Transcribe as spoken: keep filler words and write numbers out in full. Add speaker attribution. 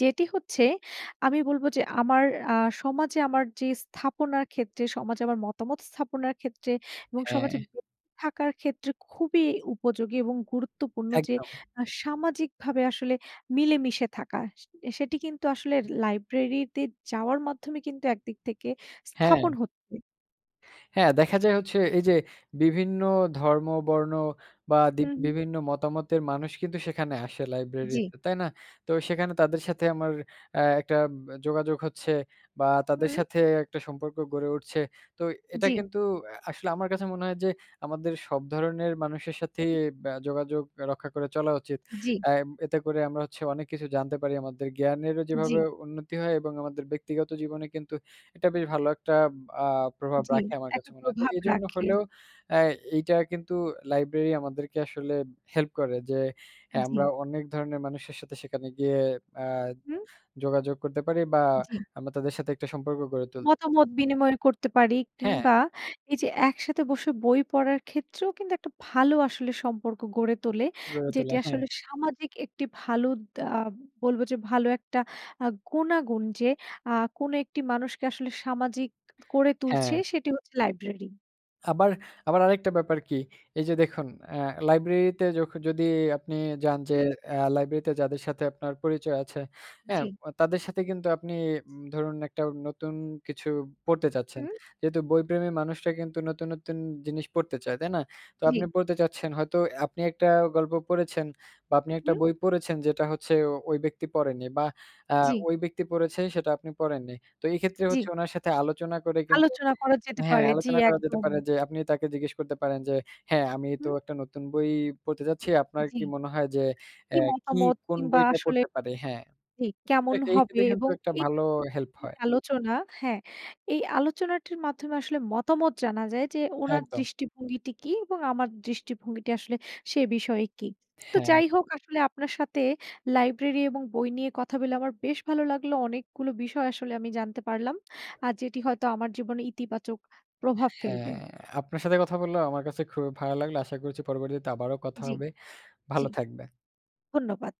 Speaker 1: যেটি হচ্ছে, আমি বলবো যে, আমার আ সমাজে আমার যে, স্থাপনার ক্ষেত্রে, সমাজে আমার মতামত স্থাপনার ক্ষেত্রে, এবং সমাজে
Speaker 2: হ্যাঁ।
Speaker 1: [unintelligible] থাকার ক্ষেত্রে খুবই উপযোগী এবং গুরুত্বপূর্ণ যে,
Speaker 2: একদম।
Speaker 1: আ সামাজিকভাবে আসলে মিলেমিশে থাকা। সে সেটি কিন্তু আসলে লাইব্রেরিতে যাওয়ার মাধ্যমে কিন্তু একদিক থেকে
Speaker 2: হ্যাঁ।
Speaker 1: স্থাপন হচ্ছে।
Speaker 2: হ্যাঁ। দেখা যায় হচ্ছে এই যে, বিভিন্ন ধর্ম বর্ণ বা দি
Speaker 1: হু, হুম।
Speaker 2: বিভিন্ন মতামতের মানুষ কিন্তু সেখানে আসে
Speaker 1: জ্বি।
Speaker 2: লাইব্রেরিতে তাই না? তো সেখানে তাদের সাথে আমার আ একটা ব যোগাযোগ হচ্ছে বা তাদের
Speaker 1: হুম।
Speaker 2: সাথে একটা সম্পর্ক গড়ে উঠছে। তো এটা
Speaker 1: জ্বি।
Speaker 2: কিন্তু আসলে আমার কাছে মনে হয় যে, আমাদের সব ধরনের মানুষের সাথেই
Speaker 1: হুম।
Speaker 2: বা যোগ যোগাযোগ রক্ষা করে চলা উচিত।
Speaker 1: জ্বি।
Speaker 2: আ এতে করে আমরা হচ্ছে অনেক কিছু জানতে পারি আমাদের জ্ঞানেরও যেভাবে
Speaker 1: জ্বী।
Speaker 2: উন্নতি হয় এবং আমাদের ব্যক্তিগত জীবনে কিন্তু, এটা বেশ ভালো একটা আ প্রভাব
Speaker 1: জ্বি,
Speaker 2: রাখে আমার কাছে
Speaker 1: একটা
Speaker 2: মনে হয়। তো
Speaker 1: প্রভাব
Speaker 2: এজন্য
Speaker 1: রাখে।
Speaker 2: হলেও আ এইটা কিন্তু লাইব্রেরি আমাদেরকে আসলে হেল্প করে যে, হ্যাঁ, আমরা
Speaker 1: জ্বি।
Speaker 2: অনেক ধরনের মানুষের সাথে সেখানে গিয়ে আ
Speaker 1: হুম।
Speaker 2: যোগাযোগ করতে পারি বা
Speaker 1: জ্বী।
Speaker 2: আমরা তাদের সাথে একটা সম্পর্ক গড়ে তুলতে পারি।
Speaker 1: মতামত বিনিময় করতে পারি।
Speaker 2: হ্যাঁ।
Speaker 1: কিংবা এই যে, একসাথে বসে বই পড়ার ক্ষেত্রেও কিন্তু একটা ভালো আসলে সম্পর্ক গড়ে তোলে,
Speaker 2: গড়ে
Speaker 1: যেটি
Speaker 2: তোলা। হ্যাঁ।
Speaker 1: আসলে সামাজিক একটি ভালো দা আ বলব যে, ভালো একটা আ গুণাগুণ যে, আ কোন একটি মানুষকে আসলে সামাজিক করে তুলছে
Speaker 2: হ্যাঁ।
Speaker 1: সেটি হচ্ছে লাইব্রেরি।
Speaker 2: আবার, আবার, আরেকটা ব্যাপার কি? এই যে, দেখুন আ লাইব্রেরিতে যখ যদি আপনি যান যে,
Speaker 1: হুম।
Speaker 2: আ লাইব্রেরিতে যাদের সাথে আপনার পরিচয় আছে, হ্যাঁ,
Speaker 1: জ্বি।
Speaker 2: অ তাদের সাথে কিন্তু আপনি ধরুন একটা নতুন কিছু পড়তে চাচ্ছেন।
Speaker 1: হুম।
Speaker 2: যেহেতু বইপ্রেমী মানুষরা কিন্তু নতুন, নতুন, জিনিস পড়তে চায়, তাই না? তো আপনি
Speaker 1: জ্বী।
Speaker 2: পড়তে চাচ্ছেন হয়তো আপনি একটা গল্প পড়েছেন, বা আপনি একটা
Speaker 1: হুম।
Speaker 2: বই পড়েছেন। যেটা হচ্ছে ওই ব্যক্তি পড়েনি বা আ
Speaker 1: জ্বি।
Speaker 2: ওই ব্যক্তি পড়েছে সেটা আপনি পড়েননি। তো এক্ষেত্রে হচ্ছে
Speaker 1: জ্বি।
Speaker 2: উনার সাথে আলোচনা করে কিন্তু
Speaker 1: আলোচনা করা যেতে
Speaker 2: হ্যাঁ,
Speaker 1: পারে। জি,
Speaker 2: আলোচনা করা যেতে
Speaker 1: একদম।
Speaker 2: পারে যে, আপনি তাকে জিজ্ঞেস করতে পারেন যে, হ্যাঁ, আমি তো
Speaker 1: হুম।
Speaker 2: একটা নতুন বই পড়তে যাচ্ছি। আপনার
Speaker 1: জ্বি।
Speaker 2: কি মনে হয় যে,
Speaker 1: কি
Speaker 2: এ্যা কি
Speaker 1: মতামত
Speaker 2: কোন
Speaker 1: কিংবা
Speaker 2: বইটা
Speaker 1: আসলে
Speaker 2: পড়তে পারি হ্যাঁ।
Speaker 1: কি
Speaker 2: তবে
Speaker 1: কেমন
Speaker 2: এই
Speaker 1: হবে
Speaker 2: ক্ষেত্রে কিন্তু একটা
Speaker 1: এই
Speaker 2: ভালো
Speaker 1: [unintelligible]
Speaker 2: হেল্প হয়।
Speaker 1: আলোচনা, হ্যাঁ, এই আলোচনাটির মাধ্যমে আসলে মতামত জানা যায় যে, ওনার
Speaker 2: একদম।
Speaker 1: দৃষ্টিভঙ্গিটি কী এবং আমার দৃষ্টিভঙ্গিটি আসলে সে বিষয়ে কী, তো
Speaker 2: হ্যাঁ।
Speaker 1: যাই হোক আসলে আপনার সাথে লাইব্রেরি এবং বই নিয়ে কথা বলে আমার বেশ ভালো লাগলো। অনেকগুলো বিষয় আসলে আমি জানতে পারলাম। আর যেটি হয়তো আমার জীবনে ইতিবাচক প্রভাব ফেলবে।
Speaker 2: হ্যাঁ। আপনার সাথে কথা বললেও আমার কাছে খুবই ভালো লাগলো। আশা করছি পরবরিয়তে আবারও কথা
Speaker 1: জ্বী,
Speaker 2: হবে। ভালো
Speaker 1: জ্বী।
Speaker 2: থাকবে
Speaker 1: ধন্যবাদ।